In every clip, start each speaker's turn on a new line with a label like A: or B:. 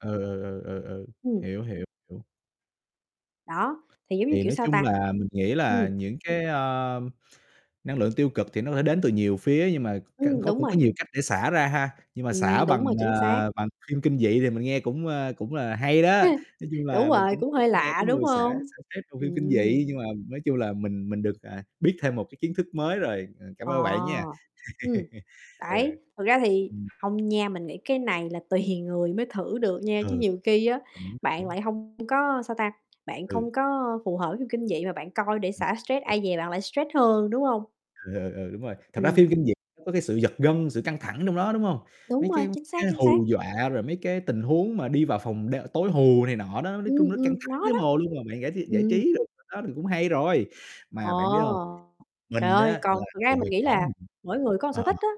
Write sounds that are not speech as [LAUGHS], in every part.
A: Ừ, ừ, ừ, ừ, ừ.
B: Ừm.
A: Hiểu, hiểu, [UNINTELLIGIBLE]
B: Đó, thì giống như,
A: Thì
B: kiểu,
A: nói
B: sao
A: chung
B: ta?
A: là mình nghĩ là
B: Ừm.
A: những cái, ơ, năng lượng tiêu cực thì nó có thể đến từ nhiều phía nhưng mà ca
B: Ừm, đúng
A: cũng
B: rồi.
A: có nhiều cách để xả ra ha, nhưng mà xả
B: Ừm, đúng rồi,
A: bằng,
B: chính xác.
A: à, bằng phim kinh dị thì mình nghe cũng, ơ, cũng là hay đó.
B: [CHUCKLES]
A: Nói chung
B: Đúng
A: là mình
B: rồi,
A: cũng
B: cũng
A: ít
B: hơi
A: nghe
B: lạ,
A: cái
B: đúng
A: người xả
B: hông?
A: xả stress bằng phim kinh
B: Ừm.
A: dị, nhưng mà nói chung là mình mình được, à, biết thêm một cái kiến thức mới rồi. Ờ, cảm
B: Ờ,
A: ơn các bạn nha.
B: ừm,
A: [CHUCKLES] Ừ.
B: đấy. Thực ra thì
A: Ừm.
B: hông nha, mình nghĩ cái này là tùy người mới thử được nha, chứ
A: Ừ.
B: nhiều khi á, bạn
A: [UNINTELLIGIBLE]
B: lại hông có, sao ta, bạn
A: Ừ.
B: không có phù hợp với phim kinh dị mà bạn coi để xả stress,
A: [UNINTELLIGIBLE]
B: ai dè bạn lại stress hơn, đúng hông?
A: Ừ, ừ, ừ, đúng rồi. Thật ra
B: Ừm.
A: phim kinh dị có cái sự giật gân, sự căng thẳng trong đó, đúng hông?
B: Đúng
A: Mấy
B: rồi,
A: cái
B: chính xác,
A: cái
B: chính xác.
A: hù dọa, rồi mấy cái tình huống mà đi vào phòng đ tối hù này nọ đó, nói chung
B: Ừm,
A: nó căng
B: ừm,
A: thẳng
B: nó
A: thấy
B: đó.
A: mồ luôn, mà bạn giải tr giải
B: Ừm.
A: trí được đó thì cũng hay rồi.
B: Ồ,
A: Mà bạn biết hông,
B: trời
A: mình á
B: ơi,
A: là
B: còn thực ra
A: từ
B: mình
A: hồi
B: nghĩ
A: nhỏ
B: là
A: mình
B: mỗi người có một sở
A: ờ.
B: thích á,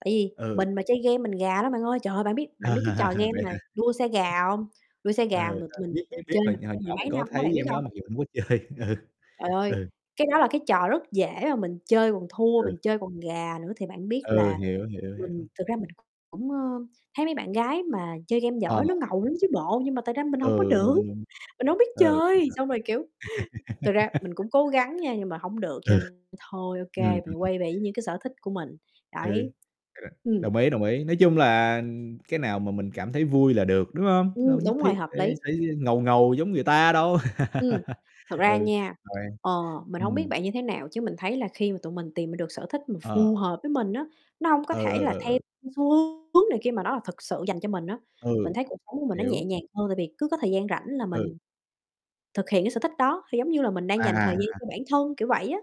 B: tại vì
A: Ừ.
B: mình mà chơi game mình gà lắm bạn ơi. Trời ơi, bạn biết bạn biết cái trò
A: [LAUGHS]
B: game
A: Vậy
B: mà
A: hả?
B: đua xe gà hông? Đua xe
A: Ừ.
B: gà mà
A: Ừ, ừ,
B: mình
A: biết, biết, biết,
B: chơi
A: hồi
B: mà
A: hồi
B: chơi
A: nhỏ
B: mười
A: mình
B: mấy
A: có
B: năm á,
A: thấy
B: bạn biết
A: game đó
B: hông?
A: mặc dù hông có chơi, ừ.
B: Trời ơi,
A: Ừ.
B: cái đó là cái trò rất dễ mà mình chơi còn thua,
A: Ừ.
B: mình chơi còn gà nữa, thì bạn biết
A: Ừ,
B: là
A: hiểu, hiểu,
B: mình
A: hiểu.
B: thực ra mình hổng, ơ, thấy mấy bạn gái mà chơi game
A: Ờ.
B: giỏi nó ngầu lắm chứ bộ, nhưng mà tài ra mình hông có
A: Ừ,
B: được,
A: đúng, đúng.
B: mình hổng biết
A: Ừ, ờ, ờ.
B: chơi! Xong rồi, kiểu, thực ra mình
A: [LAUGHS]
B: cũng cố gắng nha nhưng mà hổng được cho
A: Ừ.
B: nên thôi,
A: Ừm,
B: OK, mình quay
A: [UNINTELLIGIBLE]
B: về với những cái sở thích của mình,
A: Ừ,
B: đấy.
A: [UNINTELLIGIBLE]
B: Ừm.
A: đồng ý, đồng ý, nói chung là, ừm, cái nào mà mình cảm thấy vui là được, đúng hông? Đâu
B: Ừm,
A: nhất
B: đúng rồi,
A: thiết
B: hợp
A: phải
B: lý.
A: phải, ơ, ngầu ngầu giống người ta đâu.
B: Ừm,
A: [LAUGHS]
B: thật ra
A: Ừ,
B: nha,
A: đoan,
B: ờ, mình hổng biết
A: ừm.
B: bạn như thế nào, chứ mình thấy là khi mà tụi mình tìm ra được sở thích mà
A: Ờ.
B: phù hợp với mình á, nó hông có
A: Ừ,
B: thể
A: ừ,
B: là
A: ừ,
B: theo,
A: ừ.
B: ưm, xu hướng này kia mà nó là thực sự dành cho mình á. Mình
A: Ừ,
B: thấy cuộc sống của mình nó nhẹ
A: hiểu.
B: nhàng hơn, tại vì cứ có thời gian rảnh là
A: Ừ.
B: mình thực hiện cái sở thích đó, thì, giống như là, mình đang
A: À,
B: dành
A: à,
B: thời
A: à,
B: gian cho
A: à.
B: bản thân, kiểu vậy á.